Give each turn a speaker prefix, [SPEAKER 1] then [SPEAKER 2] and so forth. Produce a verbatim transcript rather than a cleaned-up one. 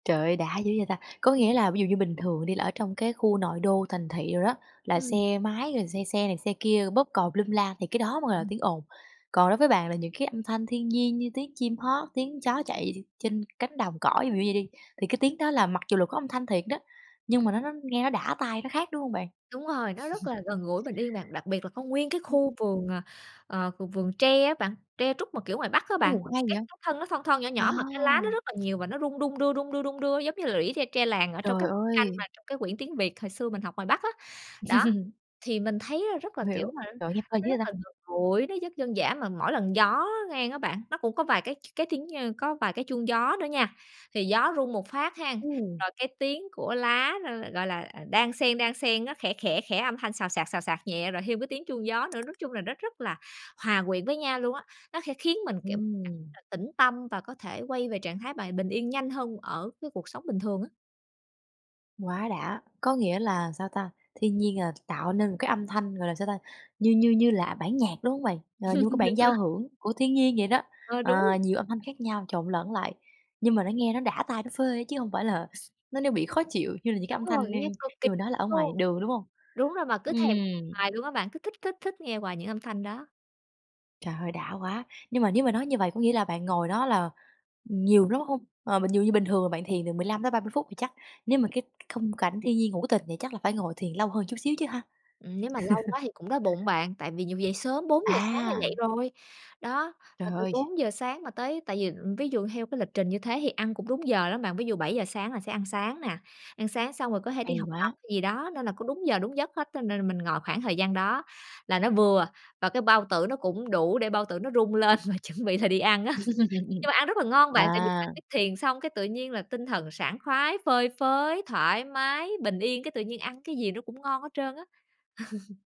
[SPEAKER 1] Trời ơi, đã dữ vậy ta! Có
[SPEAKER 2] Ưm.
[SPEAKER 1] nghĩa là ví dụ như bình thường đi, là ở trong cái khu nội đô thành thị đồ đó, là
[SPEAKER 2] Ừm.
[SPEAKER 1] xe máy rồi xe xe này, xe kia bóp còi lum la thì cái đó mới gọi là tiếng ồn. Còn đối với bạn là những cái âm thanh thiên nhiên như tiếng chim hót, tiếng chó chạy đi trên cánh đồng cỏ, ví dụ như vậy đi, thì cái tiếng đó là mặc dù là có âm thanh thiệt đó, nhưng mà nó nó nghe nó đã tai, nó khác, đúng hông bạn?
[SPEAKER 2] Đúng rồi. Nó rất là gần gũi, bình yên bạn, đặc biệt là có nguyên cái khu vườn, ờ, ờ, v vườn tre á bạn, tre trúc mà kiểu ngoài Bắc á bạn,
[SPEAKER 1] Ô, hay
[SPEAKER 2] cái
[SPEAKER 1] vậy!
[SPEAKER 2] [unintelligible] thân nó thon thon, nhỏ
[SPEAKER 1] À!
[SPEAKER 2] nhỏ mà cái lá nó rất là nhiều và nó rung, đung đưa, đung đưa, đung đưa giống như lũy tre tre làng ở trong
[SPEAKER 1] Trời
[SPEAKER 2] các tranh
[SPEAKER 1] ơi!
[SPEAKER 2] mà trong cái quyển tiếng Việt hồi xưa mình học ngoài Bắc á. Đó, thì mình thấy á rất là, kiểu
[SPEAKER 1] Hiểu.
[SPEAKER 2] mà nó
[SPEAKER 1] Trời ơi, nghe phê
[SPEAKER 2] nó
[SPEAKER 1] dữ vậy
[SPEAKER 2] rất là
[SPEAKER 1] ta!
[SPEAKER 2] gần gũi, nó rất dân giã, mà mỗi lần gió ngang á bạn, nó cũng có vài cái cái tiếng nh có vài cái chuông gió nữa nha, thì gió rung một phát hén,
[SPEAKER 1] Ừm.
[SPEAKER 2] rồi cái tiếng của lá nó l gọi là, ờ, đan xen, đan xen, nó khẽ, khẽ, khẽ, âm thanh xào xạc, xào xạc nhẹ rồi thêm cái tiếng chuông gió nữa. Nói chung là nó rất là hòa quyện với nhau luôn á, nó khẽ khiến mình, kiểu,
[SPEAKER 1] Ừm.
[SPEAKER 2] cảm [unintelligible] tĩnh tâm và có thể quay về trạng thái bài bình yên nhanh hơn ở cái cuộc sống bình thường á.
[SPEAKER 1] Quá đã, có nghĩa là sao ta? Thiên nhiên, ờ, tạo nên một cái âm thanh, gọi là, sao ta, như như như là bản nhạc, đúng hông bạn? Ờ, như một cái
[SPEAKER 2] Đúng
[SPEAKER 1] bản
[SPEAKER 2] rồi.
[SPEAKER 1] giao hưởng của thiên nhiên vậy đó,
[SPEAKER 2] Ờ,
[SPEAKER 1] ờ,
[SPEAKER 2] đúng.
[SPEAKER 1] nhiều âm thanh khác nhau, trộn lẫn lại, nhưng mà nó nghe nó đã tai, nó phê á, chứ hông phải là x nó nó bị khó chịu như là những cái
[SPEAKER 2] Đúng
[SPEAKER 1] âm thanh,
[SPEAKER 2] rồi,
[SPEAKER 1] ơ,
[SPEAKER 2] nghe cực kỳ
[SPEAKER 1] như mình nói là ở ngoài
[SPEAKER 2] luôn.
[SPEAKER 1] đường, đúng hông?
[SPEAKER 2] Đúng rồi, mà cứ thèm
[SPEAKER 1] Ừm.
[SPEAKER 2] hoài luôn á bạn, cứ thích thích thích nghe hoài những âm thanh đó.
[SPEAKER 1] Trời ơi, đã quá! Nhưng mà nếu mà nói như vậy có nghĩa là bạn ngồi đó là, ừm, nhiều lắm hông? Ờ, mình nhự như bình thường bạn thiền từ mười lăm tới ba mươi phút, thì chắc nếu mà cái khung cảnh thiên nhiên hữu tình vậy chắc là phải ngồi thiền lâu hơn chút xíu chứ ha?
[SPEAKER 2] Ừm, nếu mà lâu quá thì cũng đói bụng, bạn, tại vì nhiều dậy sớm, bốn giờ sáng là
[SPEAKER 1] À!
[SPEAKER 2] dậy rồi. Đó,
[SPEAKER 1] Trời
[SPEAKER 2] mà từ
[SPEAKER 1] ơi!
[SPEAKER 2] bốn giờ sáng mà tới tại vì, ừm, ví dụ theo cái lịch trình như thế thì ăn cũng đúng giờ lắm bạn. Ví dụ bảy giờ sáng là sẽ ăn sáng nè, ăn sáng xong rồi có thể
[SPEAKER 1] Hay
[SPEAKER 2] đi học tập
[SPEAKER 1] quá!
[SPEAKER 2] hay gì đó, nên là cũng đúng giờ, đúng giấc hết. Cho nên là mình ngồi khoảng thời gian đó, là nó vừa và cái bao tử nó cũng đủ để bao tử nó rung lên và chuẩn bị là đi ăn á. Nhưng mà ăn rất là ngon bạn, tại vì bạn
[SPEAKER 1] À!
[SPEAKER 2] biết thiền xong cái tự nhiên là tinh thần sảng khoái, phơi phới, thoải mái, bình yên, cái tự nhiên ăn cái gì nó cũng ngon hết trơn á.